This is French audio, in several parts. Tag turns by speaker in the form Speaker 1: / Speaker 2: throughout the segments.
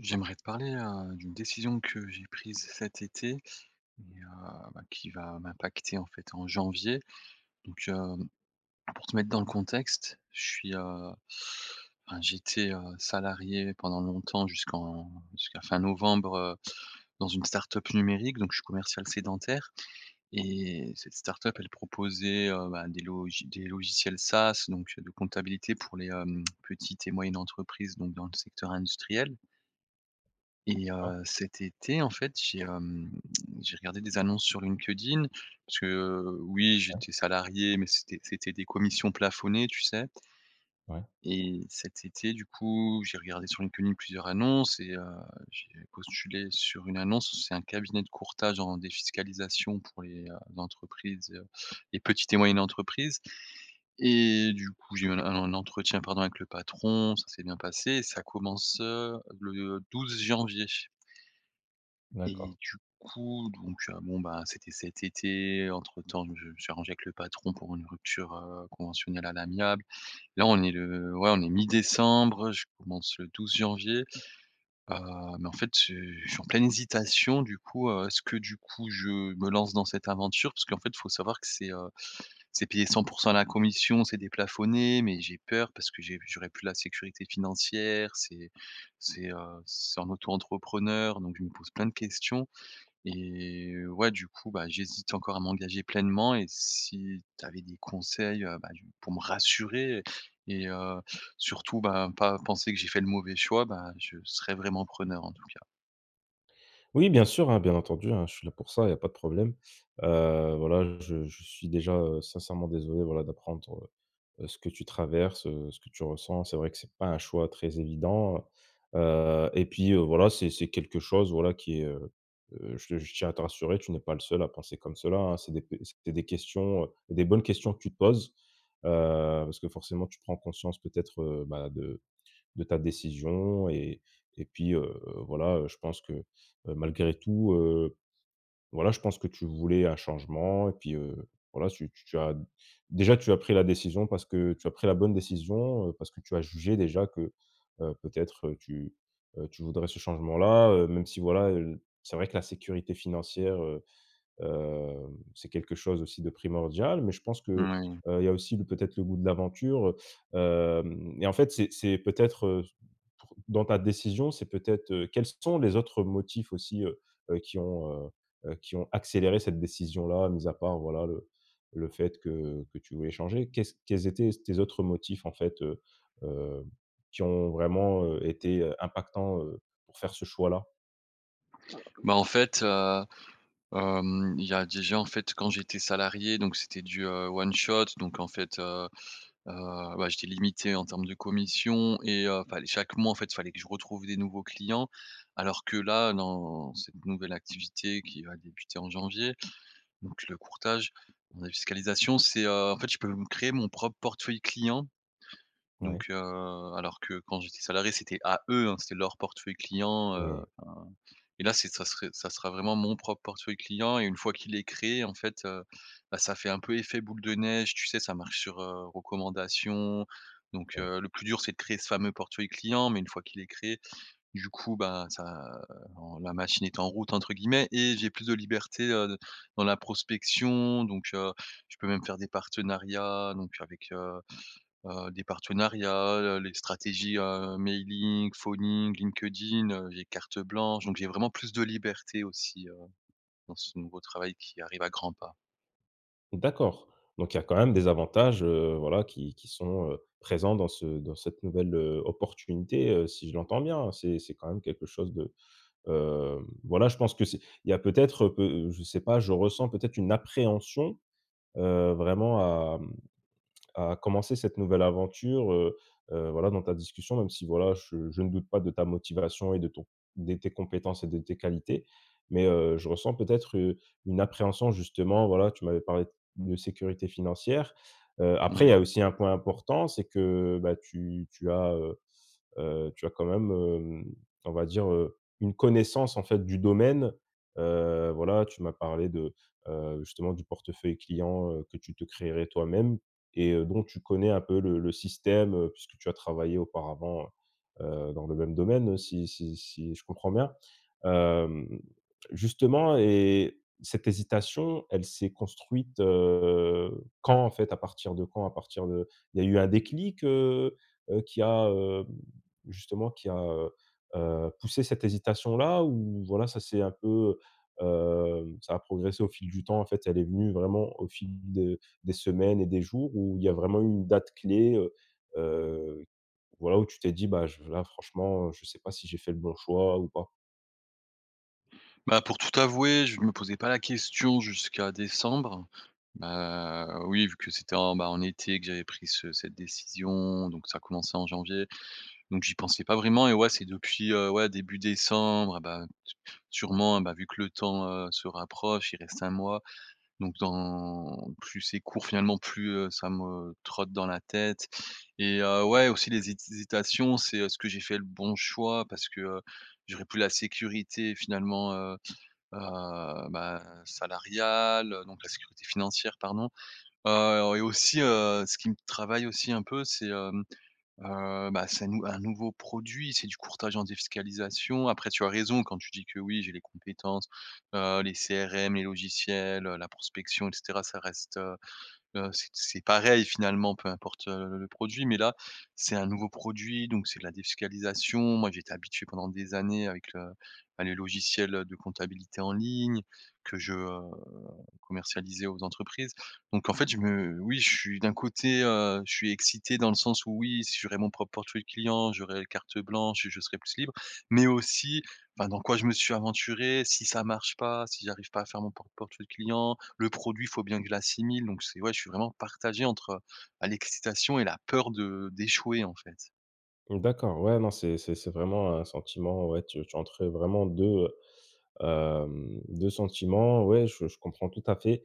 Speaker 1: J'aimerais te parler, heu, d'une décision que j'ai prise cet été et heu, bah, qui va m'impacter en fait en janvier. Donc, hem, pour te mettre dans le contexte, je suis, heu, enfin j'étais, heu, salarié pendant longtemps jusqu'en jusqu'à fin novembre, heu, dans une start-up numérique donc je suis commercial sédentaire et cette start-up elle proposait, heu, ben, des logi des logiciels SaaS donc, heu, de comptabilité pour les, hem, petites et moyennes entreprises donc dans le secteur industriel. Et
Speaker 2: D'accord.
Speaker 1: heu, cet été en fait j'ai, hem, j'ai regardé des annonces sur LinkedIn parce que, heu, oui
Speaker 2: Ouais.
Speaker 1: j'étais salarié, mais c'était c'était des commissions plafonnées, tu sais?
Speaker 2: Ouais.
Speaker 1: Et cet été, du coup, j'ai regardé sur LinkedIn plusieurs annonces et heu, j'ai postulé sur une annonce où c'est un cabinet de courtage en défiscalisation pour les, heu, entreprises, heu et petites et moyennes entreprises. Et du coup, j'ai même un un entretien pardon avec le patron, ça s'est bien passé, ça commence, heu, le 12 janvier.
Speaker 2: D'accord.
Speaker 1: Et du coup, donc, heu, bon, bah, c'était cet été, entre temps, je me suis arrangé avec le patron pour une rupture, heu, conventionnelle à l'amiable. Là, on est le ouais on est mi-décembre, je commence le 12 janvier, heu, mais en fait je je suis en pleine hésitation du coup, heu, est-ce que du coup, je me lance dans cette aventure? Parce qu'en fait faut savoir que c'est, heu, c'est payé 100 % à la commission, c'est déplafonné, mais j'ai peur parce que j'ai j'aurais plus la sécurité financière, c'est c'est, heu, c'est en auto-entrepreneur donc je me pose plein de questions et heu, ouais du coup, bah, j'hésite encore à m'engager pleinement et si tu avais des conseils, ben du pour me rassurer et heu, surtout, ben, pas penser que j'ai fait le mauvais choix, ben, je serais vraiment preneur en tout cas.
Speaker 2: Oui bien sûr, hein, bien entendu, hein, je suis là pour ça il y a pas de problème. Heu, voilà, je je suis déjà, heu, sincèrement désolé, voilà, d'apprendre, heu heu, ce que tu traverses, heu, ce que tu ressens. C'est vrai que c'est pas un choix très évident. Heu, et puis, heu, voilà, c'est c'est quelque chose voilà qui est, heu heu, je te je tiens à te rassurer, tu n'es pas le seul à penser comme cela, hein. C'est des b c'est des questions, heu des bonnes questions que tu te poses, heu, parce que forcément, tu prends conscience peut-être, heu, bah, de de ta décision et et puis, heu, voilà, heu, je pense que, heu, malgré tout, heu, voilà, je pense que tu voulais un changement. Et puis, heu, voilà, c'est tu tu tu as déjà, tu as pris la décision parce que tu as pris la bonne décision, heu, parce que tu as jugé déjà que, heu, peut-être tu, heu tu voudrais ce changement là heu, même si voilà, heu, l c'est vrai que la sécurité financière, heu heu, c'est quelque chose aussi de primordial. Mais je pense que,
Speaker 1: Moui.
Speaker 2: heu, il y a aussi le peut-être le goût de l'aventure, heu. Hem, et en fait, c'est c'est peut-être, heu, s pour dans ta décision, c'est peut-être, heu quels sont les autres motifs aussi, heu heu qui ont, heu, heu, qui ont accéléré cette décision-là mis à part, voilà le le fait que, heu, que tu voulais changer? Qu'est-ce quels étaient tes autres motifs en fait, heu heu, qui ont vraiment, heu, été, heu, impactants, heu, pour faire ce choix-là?
Speaker 1: Ben, en fait, heu, hem, il y a déjà en fait quand j'étais salarié donc c'était du, heu, one shot donc en fait, heu, heu, bah, j'étais limité en termes de commission et heu, fallait chaque mois en fait il fallait que je retrouve des nouveaux clients. Alors que là dans cette nouvelle activité qui va débuter en janvier, donc le courtage en défiscalisation, c'est, heu, en fait je peux me créer mon propre portefeuille client.
Speaker 2: Ouais.
Speaker 1: Donc, heu, alors que quand j'étais salarié, c'était à eux, hein, c'était leur portefeuille client, heu,
Speaker 2: Oui.
Speaker 1: enfin, et là, c'est ça serait ça sera vraiment mon propre portefeuille client et une fois qu'il est créé, en fait, heu, bah, ça fait un peu effet boule de neige, tu sais? Ça marche sur, heu, recommandation. Donc,
Speaker 2: Ouais.
Speaker 1: heu, le plus dur, c'est de créer ce fameux portefeuille client, mais une fois qu'il est créé, du coup ben ça, heu, bon «la machine est en route», entre guillemets et j'ai plus de liberté, heu, de dans la prospection. Donc, heu, je peux même faire des partenariats, donc avec, heu heu, des partenariats, le les stratégies, heu, mailing, phoning, LinkedIn, heu, j'ai carte blanche, donc j'ai vraiment plus de liberté aussi, heu, dans ce nouveau travail qui arrive à grands pas.
Speaker 2: D'accord, donc il y a quand même des avantages, heu, voilà, qui qui sont, heu, présents dans ce dans cette nouvelle, heu, opportunité, heu, si je l'entends bien, hein. C'est c'est quand même quelque chose de, heu, voilà je pense que c'est il y a peut-être, heu, peu je sais pas, je ressens peut-être une appréhension, heu, vraiment à, mmh, à commencer cette nouvelle aventure, heu, heu, voilà, dans ta discussion, même si voilà je je ne doute pas de ta motivation et de ton des tes compétences et de tes qualités. Mais, heu, je ressens peut-être, heu, une appréhension justement voilà tu m'avais parlé de sécurité financière. Heu, après, il
Speaker 1: Mmh.
Speaker 2: y a aussi un point important, c'est que, bah, tu tu as, heu, heu, tu as quand même, hem, on va dire, heu, une connaissance en fait du domaine. Heu, voilà, tu m'as parlé de, heu, justement du portefeuille clients, heu, que tu te créerais toi-même et, heu, dont tu connais un peu le le système, heu, puisque tu as travaillé auparavant, heu, dans le même domaine, si si si je comprends bien? Hem, justement et cette hésitation, elle s'est construite, heu, quand en fait, à partir de quand? À partir de il y a eu un déclic, heu, heu, qui a, heu, justement qui a, heu, heu, poussé cette hésitation-là? Ou voilà ça c'est un peu, heu ça a progressé au fil du temps, en fait elle est venue vraiment au fil de des semaines et des jours, ou il y a vraiment eu une date clé, heu, heu, voilà où tu t'es dit: «Bah, j là franchement, je sais pas si j'ai fait le bon choix ou pas»?
Speaker 1: Bah, pour tout avouer, je me posais pas la question jusqu'à décembre. Bah, oui vu que c'était, en ben, en été que j'avais pris ce cette décision, donc ça a commencé en janvier, donc j'y pensais pas vraiment. Et ouais c'est depuis, heu, ouais début décembre et ben, su sûrement et ben vu que le temps, heu, se rapproche, il reste 1 mois donc dans plus c'est court finalement plus, heu, ça me trotte dans la tête. Et, heu, ouais, aussi les hésitations, c'est, heu, est-ce que j'ai fait le bon choix? Parce que, heu, j'aurais plus la sécurité finalement, heu heu, ben, salariale, donc la sécurité financière pardon. Heu, et aussi, heu, ce qui me travaille aussi un peu, c'est, hem, heu, ben, c'est nou un nouveau produit, c'est du courtage en défiscalisation après tu as raison quand tu dis que oui j'ai les compétences, heu, les CRM, les logiciels, heu, la prospection et cetera ça reste, heu heu, c'est c'est pareil finalement peu importe, heu, le produit mais là, c'est un nouveau produit, donc c'est la défiscalisation. Moi, j'étais habitué pendant des années avec le, bah, les logiciels, heu, de comptabilité en ligne que je, heu, commercialisais aux entreprises. Donc en fait, je me oui je suis d'un côté, heu, je suis excité dans le sens où oui, si j'aurai mon propre portefeuille client, j'aurais carte blanche et je serai plus libre, mais aussi, ben dans quoi je me suis aventuré? Si ça marche pas? Si j'arrive pas à faire mon propre portefeuille client? Le produit, faut bien que je l'assimile. Donc c'est ouais, je suis vraiment partagé entre, bah, l'excitation et la peur de d'échouer en fait.
Speaker 2: D'accord. Ouais, non, c'est c'est c'est vraiment un sentiment. Ouais tu tu es entre, vraiment, 2, hem, 2 sentiments. Ouais, je je comprends tout à fait.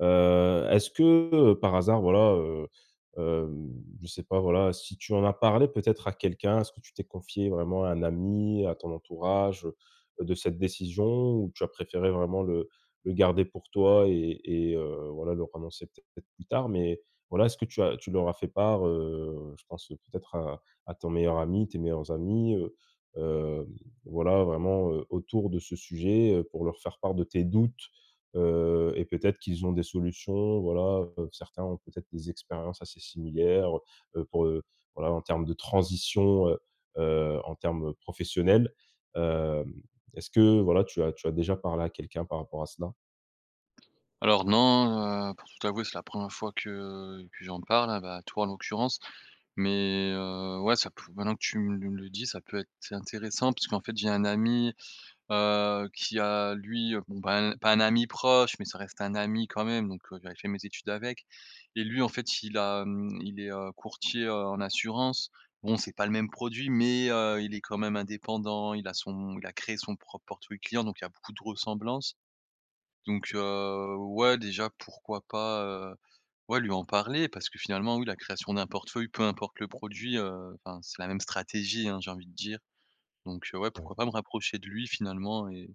Speaker 2: Heu, est-ce que, par hasard, voilà, heu, hem, je sais pas, voilà, si tu en as parlé peut-être à quelqu'un. Est-ce que tu t'es confié vraiment à un ami, à ton entourage, heu, de cette décision ou tu as préféré vraiment le le garder pour toi et et heu, voilà leur annoncer, peut-être, plus tard? Mais voilà, est-ce que tu as tu leur as fait part, heu, je pense, peut-être, à à ton meilleur ami, tes meilleurs amis, heu, hem, voilà vraiment, heu, autour de ce sujet heu, pour leur faire part de tes doutes. Heu et peut-être qu'ils ont des solutions. Voilà, heu, certains ont peut-être des expériences assez similaires, heu heu, pour, heu, voilà, en termes de transition, heu heu, en termes professionnels. Hem, est-ce que, voilà, tu as tu as déjà parlé à quelqu'un par rapport à cela?
Speaker 1: Alors non, heu, pour tout t'avouer, c'est la 1re fois que que j'en parle, ben, à toi, en l'occurrence. Mais, heu, ouais ça p maintenant que tu me le dis, ça peut être c'est intéressant puisqu'en fait j'ai un ami, heu, qui a lui bon ben, pas un ami proche, mais ça reste un ami quand même, donc j'avais fait mes études avec. Et lui en fait il a hem il est, heu, courtier, heu, en assurance. Bon, c'est pas le même produit, mais, heu, il est quand même indépendant, il a son, il a créé son propre portefeuille client donc il y a beaucoup de ressemblances. Donc, heu, ouais déjà pourquoi pas, heu, ouais lui en parler. Parce que finalement, oui, la création d'un portefeuille peu importe le produit, heu, enfin c'est la même stratégie, hein, j'ai envie de dire. Donc, heu, ouais
Speaker 2: Ouais.
Speaker 1: pourquoi pas me rapprocher de lui finalement et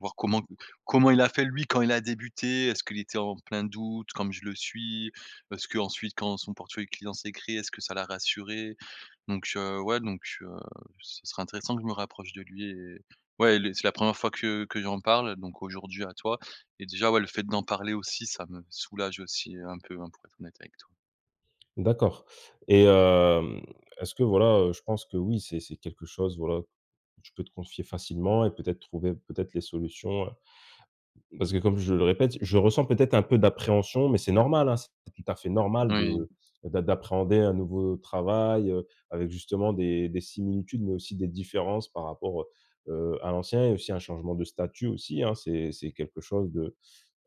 Speaker 1: voir comment comment il a fait lui, quand il a débuté. Est-ce qu'il était en plein doute comme je le suis? Est-ce-qu'ensuite, quand son portefeuille client s'est créé, est-ce que ça l'a rassuré? Donc, heu, ouais, donc, heu, ce serait intéressant que je me rapproche de lui et, ouais, les c'est la 1re fois que que j'en parle donc aujourd'hui à toi et déjà, ouais, le fait d'en parler aussi, ça me soulage aussi un peu, hein, pour être honnête avec toi.
Speaker 2: D'accord. Et, hem, est-ce que, voilà heu, je pense que oui c'est c'est quelque chose, voilà, tu peux te confier facilement et peut-être trouver, peut-être, les solutions, heu. Parce que, comme je le répète, je ressens peut-être un peu d'appréhension, mais c'est normal, hein. C'est tout à fait normal
Speaker 1: Moui.
Speaker 2: de d'a d'appréhender un nouveau travail, heu, avec justement des des similitudes, mais aussi des différences par rapport, heu heu, à l'ancien et aussi un changement de statut aussi, hein. C'est c'est quelque chose de,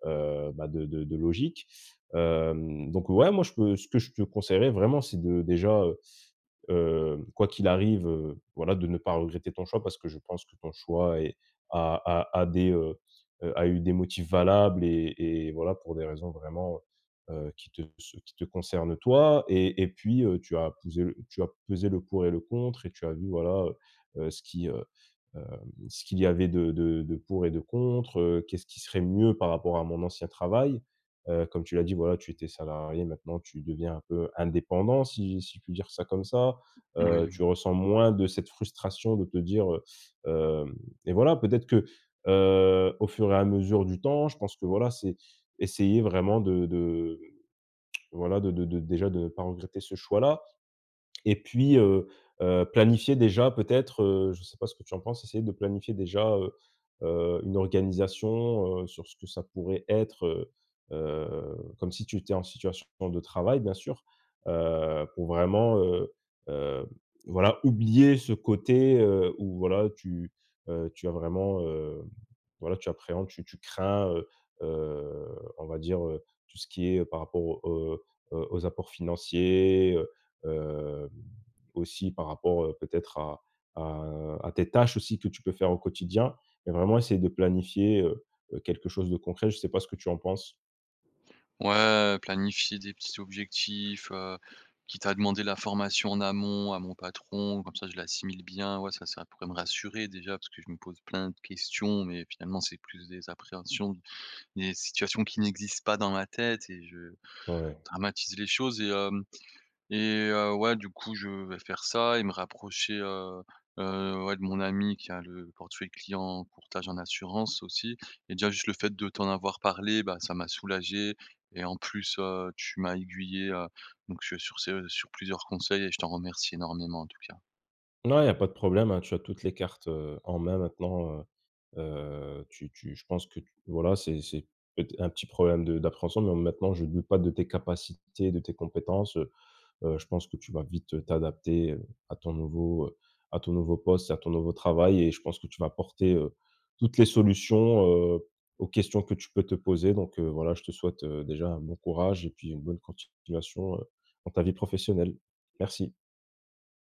Speaker 2: heu, ben de de de logique. Hem, donc, ouais, moi, je peux, ce que je te conseillerais vraiment, c'est de, déjà, heu, heu quoi qu'il arrive, heu, voilà, de ne pas regretter ton choix parce que je pense que ton choix est a a a des, heu heu a eu des motifs valables et et voilà pour des raisons vraiment, heu heu qui te se, qui te concernent toi. Et et puis heu, tu as tu as pousé l tu as pesé le pour et le contre et tu as vu, voilà, heu heu, ce qui, heu hem, ce qu'il y avait de de de pour et de contre, heu: «Qu'est-ce qui serait mieux par rapport à mon ancien travail.» Heu, comme tu l'as dit voilà tu étais salarié maintenant tu deviens un peu indépendant, si si je puis dire ça comme ça. Heu,
Speaker 1: Moui.
Speaker 2: tu ressens moins de cette frustration de te dire, heu: «hem» et voilà peut-être que, heu, au fur et à mesure du temps, je pense que voilà c'est, essayer vraiment de de voilà de de de déjà de ne pas regretter ce choix-là. Et puis, heu heu, planifier déjà peut-être, heu, je sais pas ce que tu en penses, essayer de planifier déjà, heu heu, une organisation, heu, sur ce que ça pourrait être heu heu, comme si tu étais en situation de travail bien sûr. Heu, pour vraiment, heu heu, voilà oublier ce côté, heu, où voilà tu heu, tu as vraiment, heu, voilà, tu appréhendes tu tu crains, heu, heu on va dire, heu, tout ce qui est heu par rapport aux, heu, aux apports financiers, heu hem, aussi par rapport, heu, peut-être à à à tes tâches aussi que tu peux faire au quotidien et vraiment essayer de planifier, heu heu, quelque chose de concret. Je sais pas ce que tu en penses.
Speaker 1: Ouais, planifier des petits objectifs, heu, quitte à demander la formation en amont à mon patron. Comme ça, je l'assimile bien. Ouais ça, ça pourrait me rassurer déjà parce que je me pose plein de questions, mais finalement c'est plus des appréhensions, des situations qui n'existent pas dans ma tête et je
Speaker 2: Ouais.
Speaker 1: dramatise les choses et hem et heu, ouais du coup je vais faire ça et me rapprocher, heu heu, ouais, de mon ami qui a le portefeuille client, courtage en assurance aussi et déjà juste le fait de t'en avoir parlé, ben, ça m'a soulagé et en plus, heu, tu m'as aiguillé, heu, donc sur ce sur plusieurs conseils et je t'en remercie énormément en tout cas.
Speaker 2: Non, il y a pas de problème, hein. Tu as toutes les cartes, heu, en main maintenant, heu. Heu, tu tu, je pense que tu, voilà, c'est c'est peut-être un petit problème de d'appréhension. Bon maintenant, je ne doute pas de tes capacités, de tes compétences, heu. Heu, je pense que tu vas vite t'adapter heu, à ton nouveau heu à ton nouveau poste, à ton nouveau travail et je pense que tu vas porter, heu, toutes les solutions, heu, aux questions que tu peux te poser. Donc, heu, voilà, je te souhaite, heu, déjà un bon courage et puis une bonne continuation heu dans ta vie professionnelle. Merci.